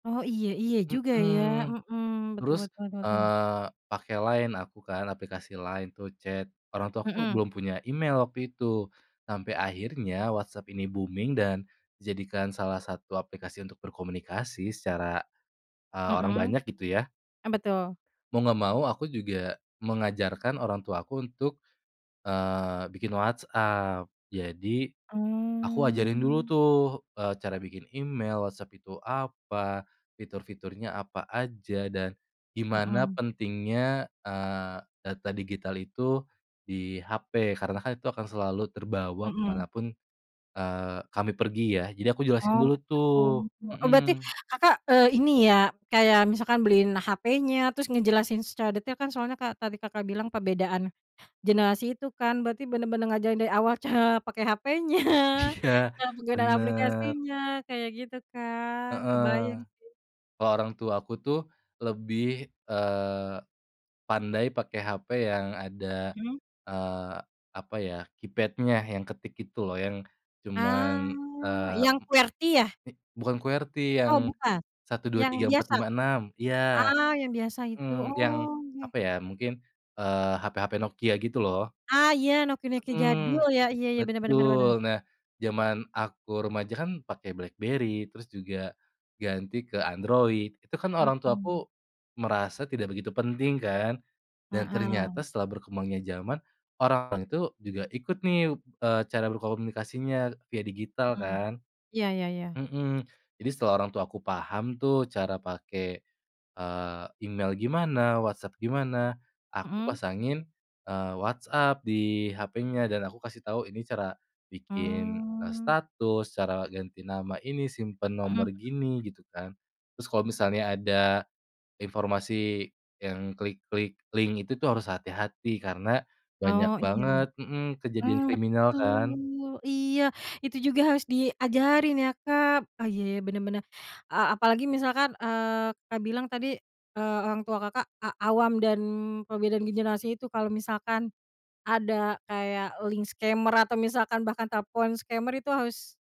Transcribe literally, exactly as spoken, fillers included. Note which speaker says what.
Speaker 1: Oh. Iya iya juga ya.
Speaker 2: Hmm.
Speaker 1: Hmm, betul
Speaker 2: Terus
Speaker 1: betul betul.
Speaker 2: pakai, eee, Line aku kan aplikasi Line atau chat, orang tua aku
Speaker 1: Hmm.
Speaker 2: belum punya email waktu itu sampai akhirnya WhatsApp ini booming dan jadikan salah satu aplikasi untuk berkomunikasi secara, eee, orang
Speaker 1: Hmm,
Speaker 2: banyak gitu ya.
Speaker 1: eee, betul.
Speaker 2: Mau enggak mau, aku juga mengajarkan orang tua aku untuk, eee, bikin WhatsApp, jadi aku ajarin dulu
Speaker 1: Mmm.
Speaker 2: tuh, eee, cara bikin email, WhatsApp itu apa, fitur-fiturnya apa aja, dan gimana
Speaker 1: Hmm.
Speaker 2: pentingnya, eee, data digital itu di HP, karena kan itu akan selalu terbawa ke
Speaker 1: Hmm.
Speaker 2: mana pun, eee, kami pergi ya, jadi aku
Speaker 1: Oh
Speaker 2: jelasin dulu tuh
Speaker 1: betul. Oh berarti
Speaker 2: hmm.
Speaker 1: Kakak, eee, ini ya kayak misalkan beliin HP-nya, terus ngejelasin secara detail kan, soalnya ka tadi Kakak, bilang perbedaan generasi itu kan, berarti bener-bener ngajarin dari awal cara pakai HP-nya,
Speaker 2: Iya,
Speaker 1: cara penggunaan
Speaker 2: bener.
Speaker 1: aplikasinya, kayak gitu kan, kebayang
Speaker 2: Heeh,
Speaker 1: sih.
Speaker 2: kalau orang tua aku tuh lebih, eee, pandai pakai HP yang ada,
Speaker 1: Hmm.
Speaker 2: eee, apa ya, keypad-nya yang ketik itu loh, yang cuman,
Speaker 1: Ah,
Speaker 2: eee,
Speaker 1: yang QWERTY ya?
Speaker 2: m bukan QWERTY yang
Speaker 1: Oh bukan?
Speaker 2: satu dua
Speaker 1: Yang
Speaker 2: tiga empat
Speaker 1: biasa?
Speaker 2: lima enam. Iya.
Speaker 1: Ah, yang biasa itu,
Speaker 2: Mmm, yang
Speaker 1: oge.
Speaker 2: apa ya, mungkin eee, hape-hape Nokia gitu loh.
Speaker 1: Ah, iya nokia-nokia jadul
Speaker 2: Mmm,
Speaker 1: ya, iya iya, bener bener bener bener.
Speaker 2: betul. Nah, zaman aku remaja kan pakai Blackberry, terus juga ganti ke Android, itu kan orang
Speaker 1: Hmm.
Speaker 2: tuaku merasa tidak begitu penting kan, dan ternyata
Speaker 1: Heeh.
Speaker 2: setelah berkembangnya zaman orang tu juga ikut nih eee, cara berkomunikasinya via digital
Speaker 1: Hmm,
Speaker 2: kan.
Speaker 1: iya iya iya.
Speaker 2: Mhm, jadi setelah orang tuaku paham tuh cara pakai, eee, email gimana, WhatsApp gimana, aku
Speaker 1: Hmm.
Speaker 2: pasangin, eee, WhatsApp di HP-nya dan aku kasih tahu ini cara bikin, eee,
Speaker 1: Mmm.
Speaker 2: status, cara ganti nama ini, simpen
Speaker 1: Hmm hmm.
Speaker 2: nomor gini, gitu kan, terus kalau misalnya ada informasi yang klik-klik link itu tu, harus hati-hati karena banyak
Speaker 1: Oh iya,
Speaker 2: banget hmm, kejadian
Speaker 1: mmm,
Speaker 2: kriminal kan.
Speaker 1: betul, iya itu juga harus diajarin ya Kak, ah iya bener bener, eee, apalagi misalkan, eee, Kak, bilang tadi eee, orang tua Kakak, a awam dan perbedaan generasi itu kalau misalkan, ada kayak link scammer atau misalkan bahkan telepon scammer itu harus